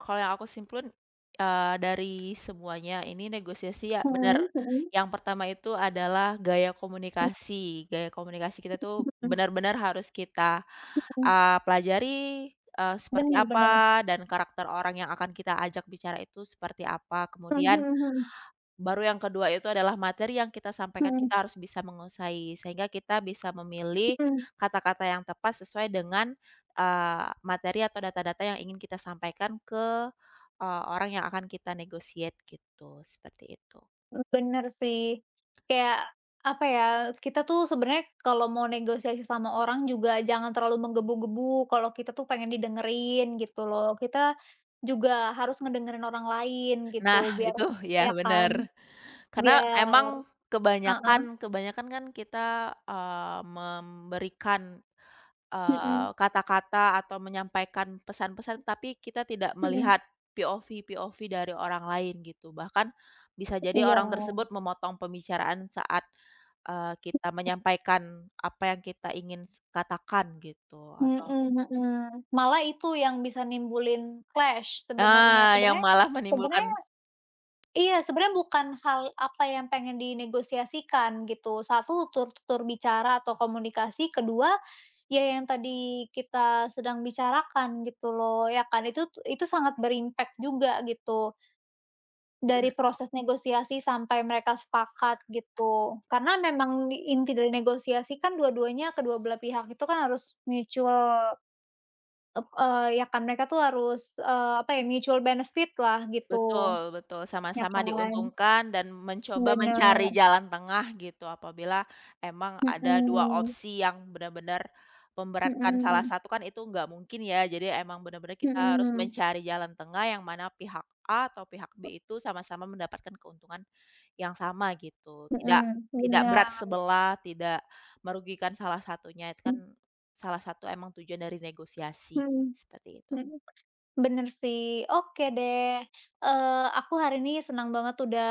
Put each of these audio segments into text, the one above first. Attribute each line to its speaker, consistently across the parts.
Speaker 1: Kalau yang aku simpulin, eee, dari semuanya ini negosiasi, ya benar,
Speaker 2: Mmm, mhm.
Speaker 1: yang pertama itu adalah gaya
Speaker 2: Mmm.
Speaker 1: komunikasi. Gaya komunikasi kita
Speaker 2: Mmm
Speaker 1: itu
Speaker 2: mmm, mhm.
Speaker 1: benar-benar harus kita,
Speaker 2: Mhm.
Speaker 1: eee, pelajari, eee, seperti
Speaker 2: Bener bener.
Speaker 1: apa dan karakter orang yang akan kita ajak bicara itu seperti apa.
Speaker 2: Mhm
Speaker 1: Kemudian
Speaker 2: mhm.
Speaker 1: baru yang kedua itu adalah materi yang kita sampaikan,
Speaker 2: Mhm.
Speaker 1: kita harus bisa menguasai sehingga kita bisa memilih
Speaker 2: Mhm.
Speaker 1: kata-kata yang tepat sesuai dengan, eee, materi atau data-data yang ingin kita sampaikan ke, eee, orang yang akan kita negotiate gitu, seperti itu.
Speaker 2: Eee, bener sih. Kayak apa ya, kita tuh sebenarnya kalau mau negosiasi sama orang juga jangan terlalu menggebu-gebu, kalau kita tuh pengen didengerin gitu loh. Kita juga harus ngedengerin orang lain gitu
Speaker 1: Nah,
Speaker 2: biar
Speaker 1: itu
Speaker 2: ya
Speaker 1: ya
Speaker 2: kan?
Speaker 1: benar, karena
Speaker 2: Biar
Speaker 1: emang
Speaker 2: heeh.
Speaker 1: kebanyakan, kebanyakan kan kita, eee, memberikan, eee,
Speaker 2: Mhm.
Speaker 1: kata-kata atau menyampaikan pesan-pesan tapi kita tidak
Speaker 2: Mhm.
Speaker 1: melihat POV POV dari orang lain gitu. Bahkan bisa jadi
Speaker 2: Iya.
Speaker 1: orang tersebut memotong pembicaraan saat, eee, kita
Speaker 2: Iya.
Speaker 1: menyampaikan apa yang kita ingin s katakan gitu atau
Speaker 2: Mhm mhm. Malah itu yang bisa nimbulin clash sebenarnya.
Speaker 1: Nah, yang
Speaker 2: Sebenarnya
Speaker 1: malah menimbulkan
Speaker 2: sebenarnya iya sebenarnya bukan hal apa yang pengen dinegosiasikan gitu. Satu tur tutur bicara atau komunikasi. Kedua, ya yang tadi kita sedang bicarakan gitu loh, ya kan? Itu itu sangat ber-impact juga gitu.
Speaker 1: Benar.
Speaker 2: Dari proses negosiasi sampai mereka sepakat gitu. Karena memang inti dari negosiasi kan dua-duanya, kedua belah pihak itu kan harus mutual, ep eee, ya kan mereka tuh harus, eee, apa ya, mutual benefit lah gitu.
Speaker 1: Betul, betul,
Speaker 2: Ya
Speaker 1: sama-sama
Speaker 2: kan?
Speaker 1: diuntungkan dan mencoba
Speaker 2: Bener.
Speaker 1: mencari jalan tengah gitu apabila emang ada 2
Speaker 2: Mhm.
Speaker 1: opsi yang benar-benar memberatkan salah
Speaker 2: Mhm.
Speaker 1: satu, kan itu nggak mungkin ya. Jadi emang benar-benar kita harus
Speaker 2: Mhm.
Speaker 1: mencari jalan tengah yang mana pihak A atau pihak B itu sama-sama mendapatkan keuntungan yang sama gitu. Tidak,
Speaker 2: Heeh,
Speaker 1: tidak berat
Speaker 2: bener.
Speaker 1: sebelah, tidak merugikan salah satunya. Itu kan
Speaker 2: Mhm.
Speaker 1: salah satu emang tujuan dari negosiasi,
Speaker 2: Heeh,
Speaker 1: seperti itu.
Speaker 2: heeh. Bener sih. Oke deh, eee, aku hari ini senang banget udah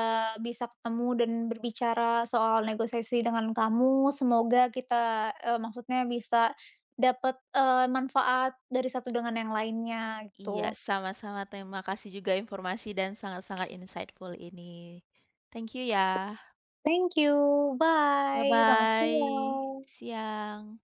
Speaker 2: bisa ketemu dan berbicara soal negosiasi dengan kamu. Semoga kita, eee, maksudnya bisa dapet, eee, manfaat dari satu dengan yang lainnya
Speaker 1: Iya
Speaker 2: gitu.
Speaker 1: sama-sama, terima kasih juga informasi dan sangat-sangat insightful ini. Thank you ya.
Speaker 2: Thank you.
Speaker 1: Bye
Speaker 2: Bye. Selamat
Speaker 1: bye.
Speaker 2: siang.
Speaker 1: Siang.